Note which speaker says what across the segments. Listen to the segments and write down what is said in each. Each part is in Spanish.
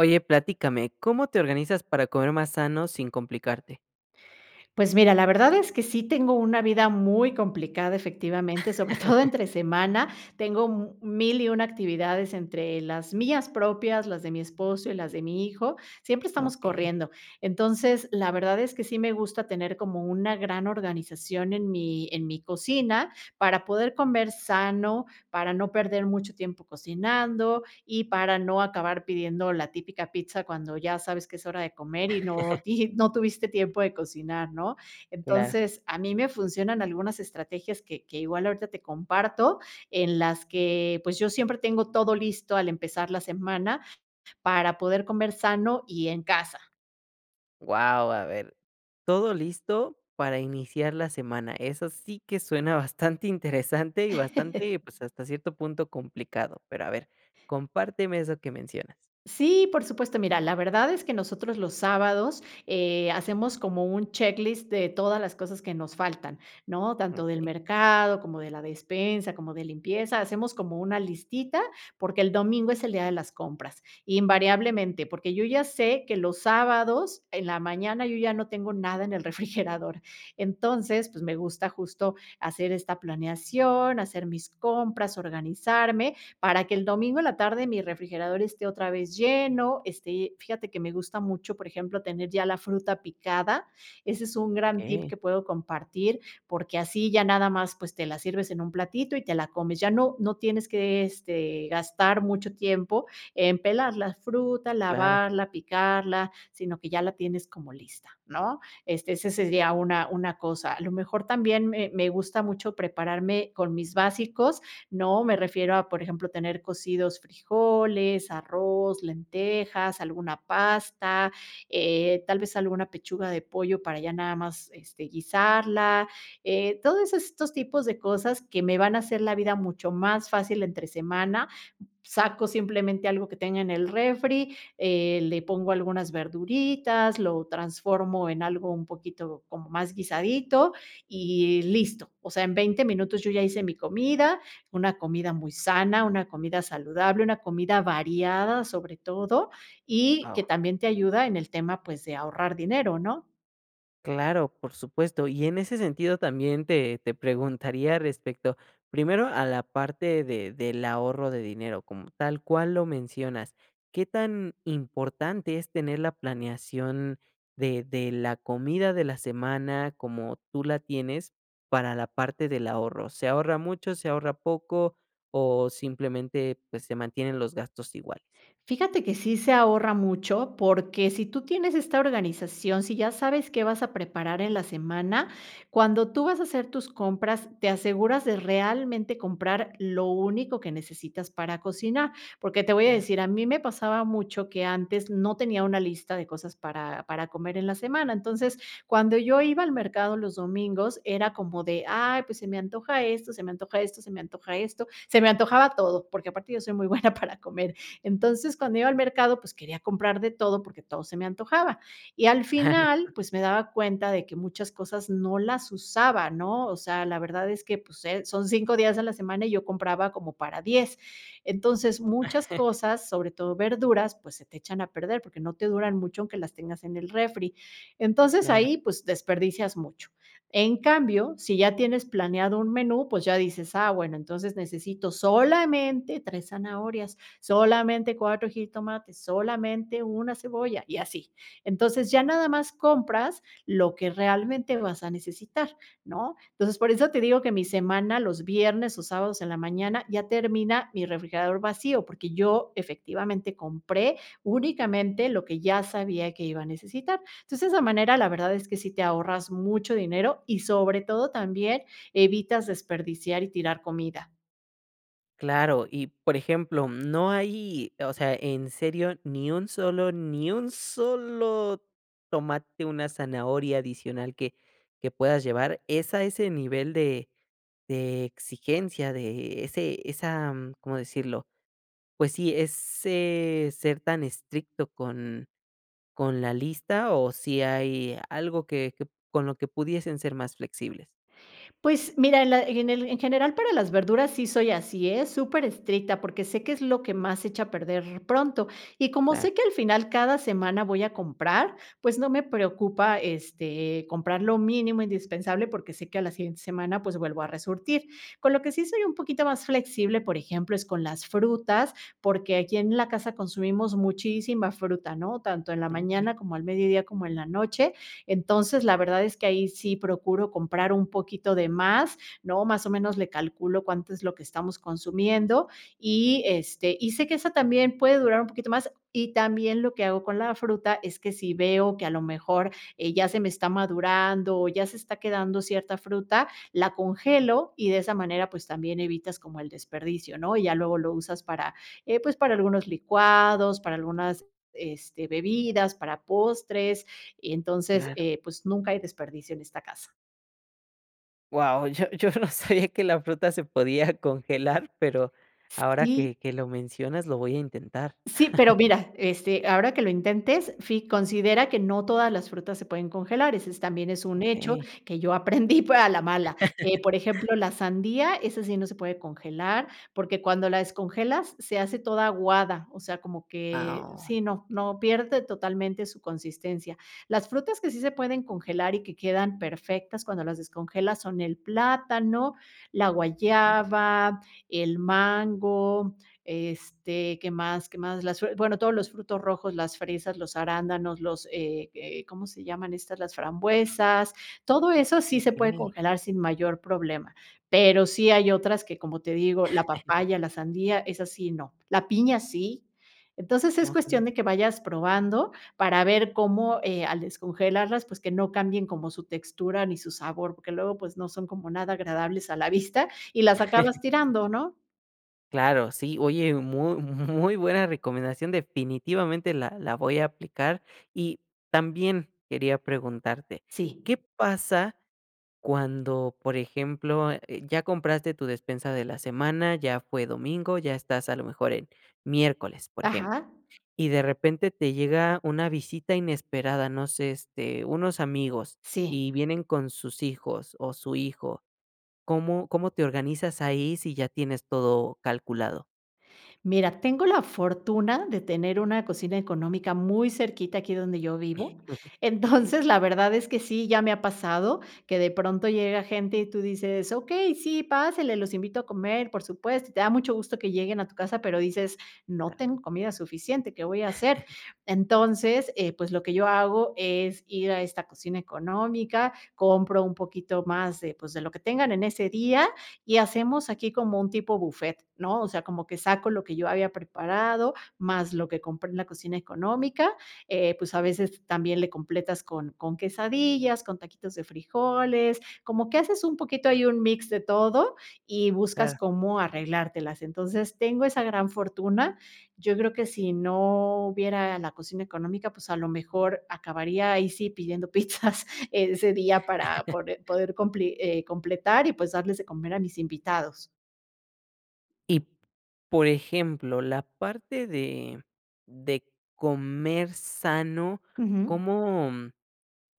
Speaker 1: Oye, platícame, ¿cómo te organizas para comer más sano sin complicarte?
Speaker 2: Pues mira, la verdad es que sí tengo una vida muy complicada efectivamente, sobre todo entre semana. Tengo mu mil y una actividades entre las mías propias, las de mi esposo y las de mi hijo, siempre estamos
Speaker 1: Okey.
Speaker 2: corriendo. Entonces, la verdad es que sí me gusta tener como una gran organización en mi en mi cocina, para poder comer sano, para no perder mucho tiempo cocinando y para no acabar pidiendo la típica pizza cuando ya sabes que es hora de comer y no ti y no tuviste tiempo de cocinar, ¿no?
Speaker 1: Claro.
Speaker 2: Entonces, a mí me funcionan algunas estrategias que que igual ahorita te comparto, en las que, pues, yo siempre tengo todo listo al empezar la semana para poder comer sano y en casa.
Speaker 1: Guau, a ver, todo listo para iniciar la semana, eso sí que suena bastante interesante, y bastante, pues, hasta cierto punto complicado. Pero a ver, compárteme eso que mencionas.
Speaker 2: Sí, por supuesto. Mira, la verdad es que nosotros los sábados, eh, hacemos como un checklist de todas las cosas que nos faltan, ¿no? Tanto del
Speaker 1: Okey.
Speaker 2: mercado, como de la despensa, como de limpieza, hacemos como una listita, porque el domingo es el día de las compras, invariablemente, porque yo, ya sé que los sábados en la mañana yo ya no tengo nada en el refrigerador. Entonces, pues, me gusta justo hacer esta planeación, hacer mis compras, organizarme, para que el domingo en la tarde mi refrigerador esté otra vez lleno. Esté fíjate que me gusta mucho, por ejemplo, tener ya la fruta picada. Ese es un gran tip
Speaker 1: Okey.
Speaker 2: que puedo compartir, porque así ya nada más, pues, te la sirves en un platito y te la comes, ya no no tienes que, este, gastar mucho tiempo en pelar la fruta,
Speaker 1: Claro.
Speaker 2: lavarla, picarla, sino que ya la tienes como lista, ¿no? Este, ese sería una una cosa a lo mejor también me me gusta mucho prepararme con mis básicos, ¿no?, me refiero a, por ejemplo, tener cocidos frijoles, arroz, lentejas, alguna pasta, eh, tal vez alguna pechuga de pollo para ya nada más, este, guisarla, eh, todo eso estos tipos de cosas que me van a hacer la vida mucho más fácil entre semana. Saco simplemente algo que tenga en el refri, eh, le pongo algunas verduritas, lo transformo en algo un poquito como más guisadito y listo. O sea, en 20 minutos yo ya hice mi comida, una comida muy sana, una comida saludable, una comida variada sobre todo y que
Speaker 1: Guau.
Speaker 2: también te ayuda en el tema, pues, de ahorrar dinero, ¿no?
Speaker 1: Claro, por supuesto. Y en ese sentido también te te preguntaría respecto, primero a la parte de del ahorro de dinero como tal cual lo mencionas, ¿qué tan importante es tener la planeación de de la comida de la semana como tú la tienes para la parte del ahorro? ¿Se ahorra mucho, se ahorra poco o simplemente, pues, se mantienen los gastos iguales?
Speaker 2: Fíjate que sí se ahorra mucho porque si tú tienes esta organización, si ya sabes qué vas a preparar en la semana, cuando tú vas a hacer tus compras, te aseguras de realmente comprar lo único que necesitas para cocinar. Porque te voy a
Speaker 1: Claro.
Speaker 2: decir, a mí me pasaba mucho que antes no tenía una lista de cosas para para comer en la semana. Entonces, cuando yo iba al mercado los domingos, era como de: "Ay, pues se me antoja esto, se me antoja esto, se me antoja esto", se me antojaba todo, porque aparte yo soy muy buena para comer. Entonces, cuando iba al mercado, pues quería comprar de todo porque todo se me antojaba y al
Speaker 1: Claro.
Speaker 2: final, pues me daba cuenta de que muchas cosas no las usaba, ¿no?, o sea, la verdad es que, pues, eh, son 5 días a la semana y yo compraba como para 10. Entonces, muchas cosas, sobre todo verduras, pues se te echan a perder, porque no te duran mucho aunque las tengas en el refri. Entonces,
Speaker 1: Claro.
Speaker 2: ahí, pues, desperdicias mucho. En cambio, si ya tienes planeado un menú, pues ya dices: "Ah, bueno, entonces necesito solamente 3 zanahorias, solamente 4 jitomates, solamente 1 cebolla y así". Entonces ya nada más compras lo que realmente vas a necesitar, ¿no? Entonces por eso te digo que mi semana, los viernes o sábados en la mañana, ya termina mi refrigerador vacío, porque yo efectivamente compré únicamente lo que ya sabía que iba a necesitar. Entonces, de esa manera, la verdad es que sí te ahorras mucho dinero y sobre todo también evitas desperdiciar y tirar comida.
Speaker 1: Claro y por ejemplo, mm, ¿no hay, o sea, en serio ni un solo ni un solo tomate, una zanahoria adicional que que puedas llevar, es a ese nivel de de exigencia de e ese esa-?, mm, ¿cómo decirlo?, pues sí, ¿ese ser tan estricto con con la lista o si hay algo que que p con lo que pudiesen ser más flexibles?
Speaker 2: Pues mira, en la en el en general, para las verduras sí soy así, ¿eh?, superestricta, porque sé que es lo que más se echa a perder pronto, y como
Speaker 1: Claro.
Speaker 2: sé que al final cada semana voy a comprar, pues, no me preocupa, este, comprar lo mínimo indispensable porque sé que a la siguiente semana, pues vuelvo a resurtir. Con lo que sí soy un poquito más flexible, por ejemplo, es con las frutas, porque aquí en la casa consumimos muchísima fruta, ¿no?, tanto en la
Speaker 1: Ah, okey.
Speaker 2: mañana, como al mediodía, como en la noche. Entonces, la verdad es que ahí, sí procuro comprar un poquito de más, ¿no?, más o menos le calculo cuánto es lo que estamos consumiendo y, este, y sé que esa también puede durar un poquito más, y también, lo que hago con la fruta es que si veo que a lo mejor, eh, ya se me está madurando, o ya se está quedando cierta fruta, la congelo y de esa manera, pues, también evitas como el desperdicio, ¿no?, y ya luego lo usas para, eh, pues, para algunos licuados, para algunas, este, bebidas, para postres, entonces
Speaker 1: Claro.
Speaker 2: eh, pues, nunca hay desperdicio en esta casa.
Speaker 1: Guau, yo yo no sabía que la fruta se podía congelar pero ahora
Speaker 2: Sí.
Speaker 1: que que lo mencionas lo voy a intentar.
Speaker 2: Sí, pero mira, este, ahora que lo intentes, fi considera que no todas las frutas se pueden congelar, ese es también es un hecho
Speaker 1: Okey.
Speaker 2: que yo aprendí pero a la mala. Eh, por ejemplo, la sandía esa sí no se puede congelar, porque cuando la descongelas se hace toda aguada, o sea, como que
Speaker 1: Ah, oh.
Speaker 2: sí, no, no, pierde totalmente su consistencia. Las frutas que sí se pueden congelar y que quedan perfectas cuando las descongelas son el plátano, la
Speaker 1: Okey.
Speaker 2: guayaba, el mango, este, ¿qué más? ¿Qué más? Las fre bueno, todos los frutos rojos, las fresas, los arándanos, los, eh eh, ¿cómo se llaman estas? Las frambuesas. Todo eso sí se puede
Speaker 1: Okey.
Speaker 2: congelar sin mayor problema, pero sí hay otras que, como te digo la papaya, la sandía, esas sí, no la piña sí. Entonces es
Speaker 1: Okey.
Speaker 2: cuestión de que vayas probando para ver cómo, eh, al descongelarlas pues que no cambien como su textura ni su sabor, porque luego pues no son como nada agradables a la vista y las acabas tirando, ¿no?
Speaker 1: Claro, sí oye mu muy buena recomendación definitivamente la la voy a aplicar y también quería preguntarte,
Speaker 2: Sí.
Speaker 1: ¿qué pasa cuando, por ejemplo, eh, ya compraste tu despensa de la semana, ya fue domingo, ya estás a lo mejor en miércoles, por ejemplo,
Speaker 2: ¿Ajá?
Speaker 1: y de repente te llega una visita inesperada? No sé, este, unos amigos
Speaker 2: Sí.
Speaker 1: y vienen con sus hijos o su hijo. ¿Cómo cómo te organizas ahí si ya tienes todo calculado?
Speaker 2: Mira, tengo la fortuna de tener una cocina económica muy cerquita aquí donde yo vivo.
Speaker 1: Okey.
Speaker 2: Entonces, la verdad es que sí, ya me ha pasado que de pronto llega gente y tú dices: "Okey, sí, pásele. Los invito a comer, por supuesto", y te da mucho gusto que lleguen a tu casa, pero dices: "No
Speaker 1: Claro.
Speaker 2: tengo comida suficiente, ¿qué voy a hacer?". Entonces, eh, pues lo que yo hago es ir a esta cocina económica, compro un poquito más de, pues de lo que tengan en ese día y hacemos aquí como un tipo bufet, ¿no?, o sea, como que saco lo que yo había preparado más lo que compré en la cocina económica, eh, pues, a veces también le completas con con quesadillas, con taquitos de frijoles, como que haces un poquito ahí un mix de todo y buscas
Speaker 1: Claro.
Speaker 2: cómo arreglártelas. Entonces tengo esa gran fortuna, yo creo que si no hubiera la cocina económica, pues a lo mejor acabaría ahí sí pidiendo pizzas ese día para pore poder compli, eh, completar y, pues, darles de comer a mis invitados.
Speaker 1: Y, por ejemplo, la parte de de comer sano,
Speaker 2: Ujú.
Speaker 1: ¿cómo, mm,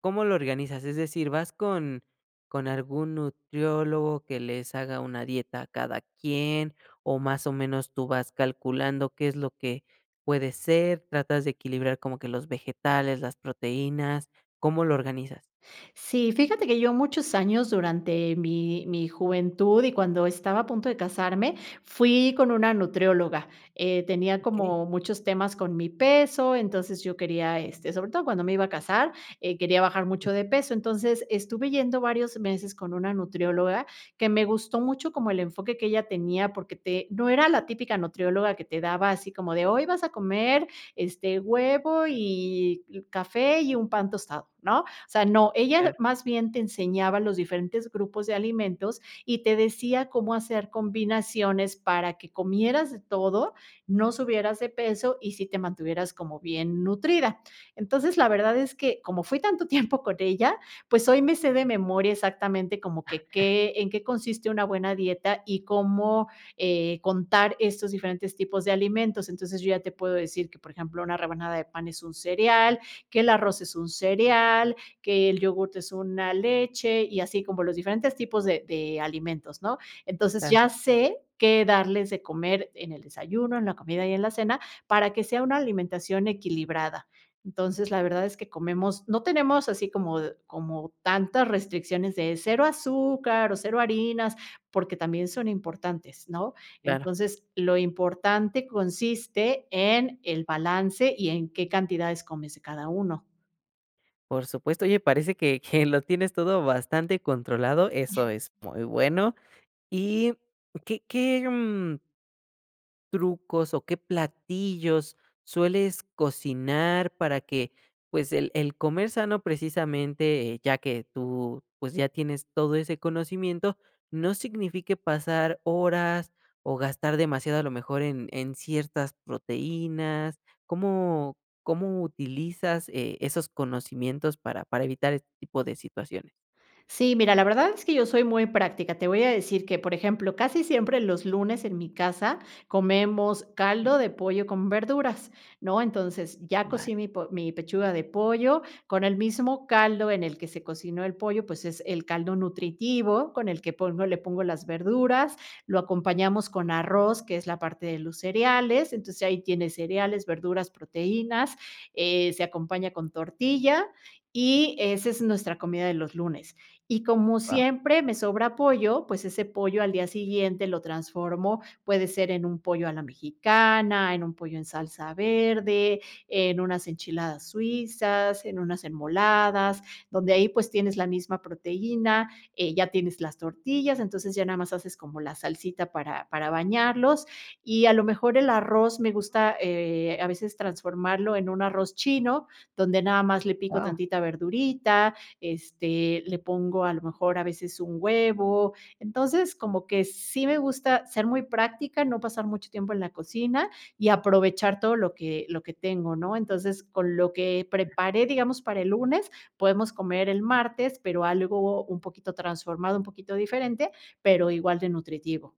Speaker 1: cómo lo organizas? Es decir, ¿vas con con algún nutriólogo que les haga una dieta a cada quien o más o menos tú vas calculando qué es lo que puede ser? ¿Tratas de equilibrar como que los vegetales, las proteínas? ¿Cómo lo organizas?
Speaker 2: Sí, fíjate que yo muchos años durante mi mi juventud y cuando estaba a punto de casarme, fui con una nutrióloga, eh, tenía
Speaker 1: Okey.
Speaker 2: como muchos temas con mi peso, entonces yo quería, este, sobre todo cuando me iba a casar, eh quería bajar mucho
Speaker 1: Ujú.
Speaker 2: de peso. Entonces estuve yendo varios meses con una nutrióloga que me gustó mucho, como el enfoque que ella tenía, porque te no era la típica nutrióloga que te daba así como de: "Hoy vas a comer, este, huevo y y café y un pan tostado", ¿no? O sea, no, ella
Speaker 1: Claro.
Speaker 2: más bien te enseñaba los diferentes grupos de alimentos y te decía cómo hacer combinaciones para que comieras de todo, no subieras de peso y sí te mantuvieras como bien nutrida. Entonces, la verdad es que como fui tanto tiempo con ella, pues hoy me sé de memoria exactamente como que qué, en qué consiste una buena dieta y cómo, eh, contar estos diferentes tipos de alimentos, entonces yo ya te puedo decir que, por ejemplo, una rebanada de pan es un cereal, que el arroz es un cereal, que el yogur es una leche y así como los diferentes tipos de de alimentos, ¿no? Entonces
Speaker 1: Claro.
Speaker 2: ya sé qué darles de comer en el desayuno, en la comida y en la cena para que sea una alimentación equilibrada. Entonces, la verdad es que comemos, no tenemos así como d como tantas restricciones de 0 azúcar o 0 harinas porque también son importantes, ¿no?
Speaker 1: Claro.
Speaker 2: Entonces, lo importante consiste en el balance y en qué cantidades comes de cada uno.
Speaker 1: Por supuesto, oye, parece que que lo tienes todo bastante controlado, eso es muy bueno. Y qué qué, mm trucos o qué platillos sueles cocinar para que, pues, el el comer sano, precisamente, ya que tú, pues, ya tienes todo ese conocimiento, no signifique pasar horas o gastar demasiado, a lo mejor, en en ciertas proteínas, ¿cómo cómo utilizas e esos conocimientos para para evitar este tipo de situaciones?
Speaker 2: Sí, mira, la verdad es que yo soy muy práctica. Te voy a decir que, por ejemplo, casi siempre los lunes en mi casa comemos
Speaker 1: Okey.
Speaker 2: caldo de pollo con verduras, ¿no?, entonces, ya
Speaker 1: Vale.
Speaker 2: cocí mi po mi pechuga de pollo con el mismo caldo en el que se cocinó el pollo, pues, es el caldo nutritivo, con el que pongo le pongo las verduras, lo acompañamos con arroz, que es la parte de los cereales, entonces, ahí tiene cereales, verduras, proteínas, eh, se acompaña con tortilla y ese es nuestra comida de los lunes. Y como
Speaker 1: Guau.
Speaker 2: siempre me sobra pollo, pues ese pollo al día siguiente lo transformo, puede ser en un pollo a la mexicana, en un pollo en salsa verde, en unas enchiladas suizas, en unas enmoladas, donde ahí, pues, tienes la misma proteína, eh, ya tienes las tortillas, entonces, ya nada más haces como la salsita para para bañarlos, y a lo mejor el arroz me gusta, eh, a veces transformarlo en un arroz chino, donde nada más le pico
Speaker 1: Guau.
Speaker 2: tantita verdurita, este, le pongo a lo mejor a veces un huevo, entonces, como que sí me gusta ser muy práctica, no pasar mucho tiempo en la cocina, y aprovechar todo lo que lo que tengo ¿no?, entonces, con lo que preparé, digamos, para el lunes, podemos comer el martes, pero algo un poquito transformado, un poquito diferente, pero igual de nutritivo.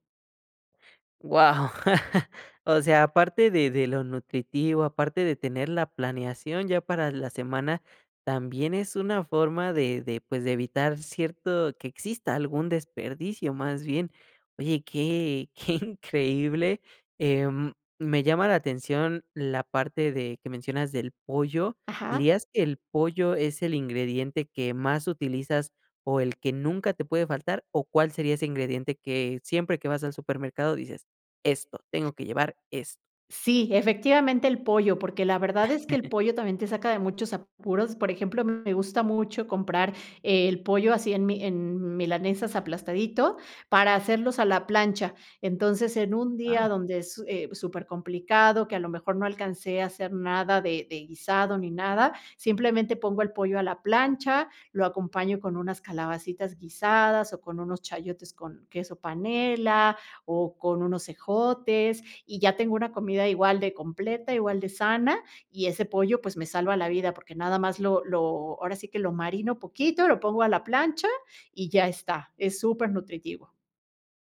Speaker 1: Guau, o sea, aparte de de lo nutritivo, aparte de tener la planeación ya para la semana, también es una forma de de, pues, de evitar cierto que exista algún desperdicio, más bien. Oye, qué qué increíble, em, me llama la atención la parte de que mencionas del pollo,
Speaker 2: Ajá.
Speaker 1: ¿dirías que el pollo es el ingrediente que más utilizas, o el que nunca te puede faltar, o cuál sería ese ingrediente que siempre que vas al supermercado dices: "Esto, tengo que llevar esto"?
Speaker 2: Sí, efectivamente el pollo, porque la verdad es que el pollo también te saca de muchos apuros. Por ejemplo, me gusta mucho comprar el pollo así en mi en milanesas aplastadito para hacerlos a la plancha. Entonces, en un día
Speaker 1: Guau.
Speaker 2: donde es su supercomplicado, que a lo mejor no alcancé a hacer nada de de guisado ni nada, simplemente pongo el pollo a la plancha, lo acompaño con unas calabacitas guisadas, o con unos chayotes con queso panela, o con unos ejotes, y ya tengo una comida igual de completa, igual de sana. Y ese pollo, pues, me salva la vida, porque nada más lo lo ahora sí, que lo marino poquito, lo pongo a la plancha y ya está, es supernutritivo.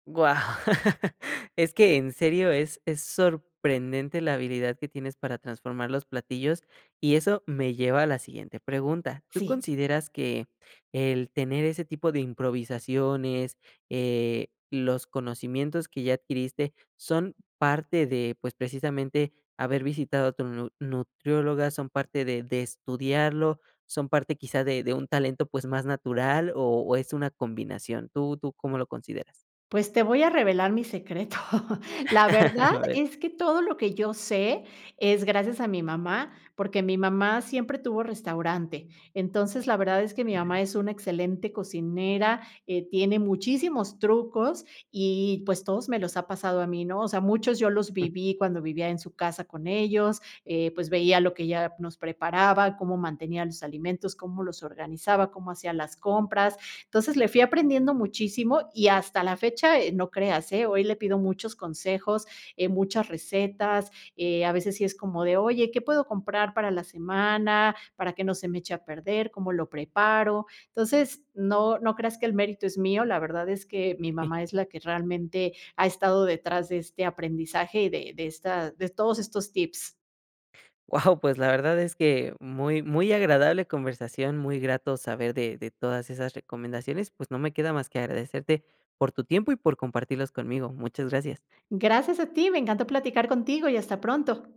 Speaker 1: Guau, es que en serio, es es sorprendente la habilidad que tienes para transformar los platillos y eso me lleva a la siguiente pregunta, ¿tú
Speaker 2: Sí.
Speaker 1: consideras que el tener ese tipo de improvisaciones, eh, los conocimientos que ya adquiriste, son parte de, pues, precisamente, haber visitado a tu nu nutrióloga, son parte de de estudiarlo, son parte quizá de de un talento, pues, más natural o o es una combinación? ¿Tú tú cómo lo consideras?
Speaker 2: Pues, te voy a revelar mi secreto. La
Speaker 1: A
Speaker 2: verdad
Speaker 1: ver.
Speaker 2: es que todo lo que yo sé, es gracias a mi mamá, porque, mi mamá siempre tuvo restaurante. Entonces, la verdad es que mi mamá es una excelente cocinera, eh, tiene muchísimos trucos y pues, todos me los ha pasado a mí, ¿no? O sea, muchos yo los
Speaker 1: Mm.
Speaker 2: viví, cuando vivía en su casa con ellos, eh, pues, veía lo que ella nos preparaba, cómo mantenía los alimentos, cómo los organizaba, cómo hacía las compras, entonces, le fui aprendiendo muchísimo y hasta la fecha, eh, no creas, eh, hoy le pido muchos consejos, eh, muchas recetas, eh, a veces sí es como de, oye, ¿qué puedo comprar para la semana, para que no se me eche a perder? ¿Cómo lo preparo? Entonces, no no creas que el mérito es mío, la verdad es que mi mamá es la que realmente ha estado detrás de este aprendizaje y de de esta de todos estos tips.
Speaker 1: Guau, pues, la verdad es que, muy muy agradable conversación. Muy grato saber de de todas esas recomendaciones, pues, no me queda más que agradecerte por tu tiempo y por compartirlos conmigo. Muchas gracias.
Speaker 2: Gracias a ti, me encantó platicar contigo y hasta pronto.